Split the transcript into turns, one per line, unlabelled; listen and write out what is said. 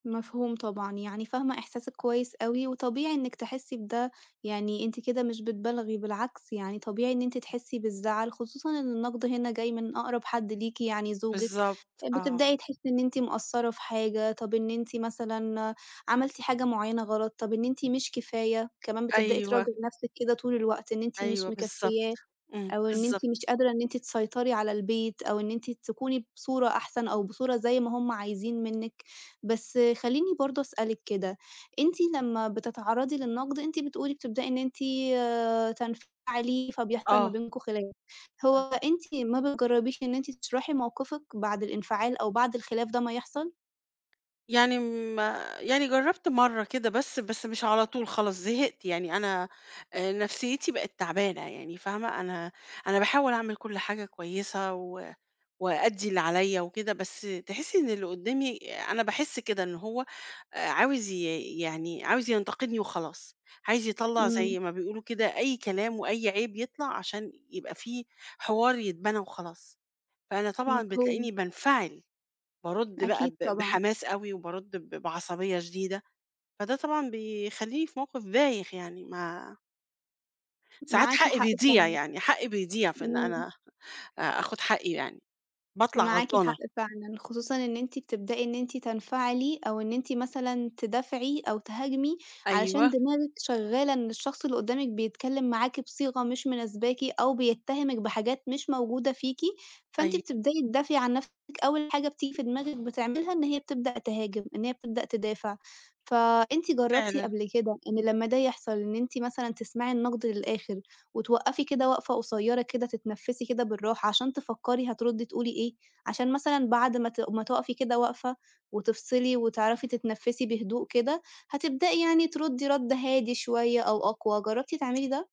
مفهوم طبعًا، يعني فاهمة إحساسِك كويِّس أوي، وطبيعي إنِّك تحِسِّي بده، يعني أنتِ كده مش بتبالغي، بالعكس يعني طبيعي إن أنتِ تحِسِّي بالزَّعل، خصوصًا إن النَّقد هنا جاي من أقرب حَدّ ليكِ يعني زوجِك،
بالضبط، آه.
بتبدأي تحِسِّي إن أنتِ مقصِّرة في حاجة، طب إن أنتِ مثلًا عملتِ حاجة مُعيَّنة غلط، طب إن أنتِ مش كفاية، كمان بتبدأي
أيوه.
تراجعي نفسِك كده طول الوقت، إن أنتِ مش
أيوه بالضبط،
مكفيَّاه،
إمم،
أو إن أنتِ
بالضبط.
مش قادرة إن أنتِ تسيطري على البيت، أو إن أنتِ تكوني بصورة أحسن، أو بصورة زي ما هُم عايزين منِّك، بس خلّيني برضه أسألِك كده، أنتِ لمّا بتتعرَّضي للنقد، أنتِ بتقولي بتبدأي إن أنتِ آآ تنفعلي، فبيحصل ما
آه.
بينكم خلاف، هو
آه.
أنتِ ما بتجرّبيش إن أنتِ تشرحي موقفِك بعد الإنفعال أو بعد الخلاف ده ما يحصل؟
يعني ما يعني جَرَّبت مرة كده بس، بس مش على طول خلاص زهقت يعني، أنا آآ نفسيِّتي بقت تعبانة يعني، فاهمة؟ أنا أنا باحاول أعمل كُلّ حاجة كويِّسة و وأأدّي اللي عليَّ وكده، بس تحِسِّي إن اللي قُدَّامي أنا باحِسّ كده، إن هو آآ عاوز ي يعني عاوز ينتقدني وخلاص، عايز يطلّع
إمم.
زي ما بيقولوا كده أي كلام وأي عيب يطلع عشان يبقى في حوار يتبنى وخلاص، فأنا طبعًا
مفهوم.
بتلاقيني بانفعل، بأرُدّ بقى
أكيد،
ب
طبعًا.
بحماس أوي، وبأَرُدّ ب بعصبيَّة شديدة، فده طبعًا بيخلّيني في موقف بايخ يعني ما ساعات
معاكِ
حَقِّي
حق
بيضيع،
فعلًا.
يعني حَقِّي بيضيع، في إن
إمم.
أنا آآ آخُد حَقِّي يعني، باطلع
معاكِ حق
غلطانة.
فعلًا، خصوصًا إن أنتِ بتبدأي إن أنتِ تنفعلي، أو إن أنتِ مثلًا تدافعي أو تهاجمي، علشان
أيوه.
دماغِك شَغَّالة إن الشَّخص اللي قُدَّامِك بيتكلّم معاكِ بصيغة مش مناسباكِ، أو بيتهمِك بحاجات مش موجودة فيكِ، فأنتِ
أيوه.
بتبدأي تدافعي عن نفسِك، أول حاجة بتيجي في دماغِك بتعملها إن هي بتبدأ تهاجم، إن هي بتبدأ تدافع. فأنتِ جربتِ
فعلًا.
قبل كده إن لمّا ده يحصل، إن أنتِ مثلًا تسمعي النَّقد للآخر، وتوقَّفي كده وقفة قصيرة كده تتنفِّسي كده بالرَّاحة، عشان تفكَّري هتردّي تقولي إيه، عشان مثلًا بعد ما ت ما تقفي كده وقفة، وتفصلي وتعرفي تتنفِّسي بهدوء كده، هتبدأي يعني تردّي رَدّ هادي شويَّة أو أقوى، جَرَّبتِ تعملي ده؟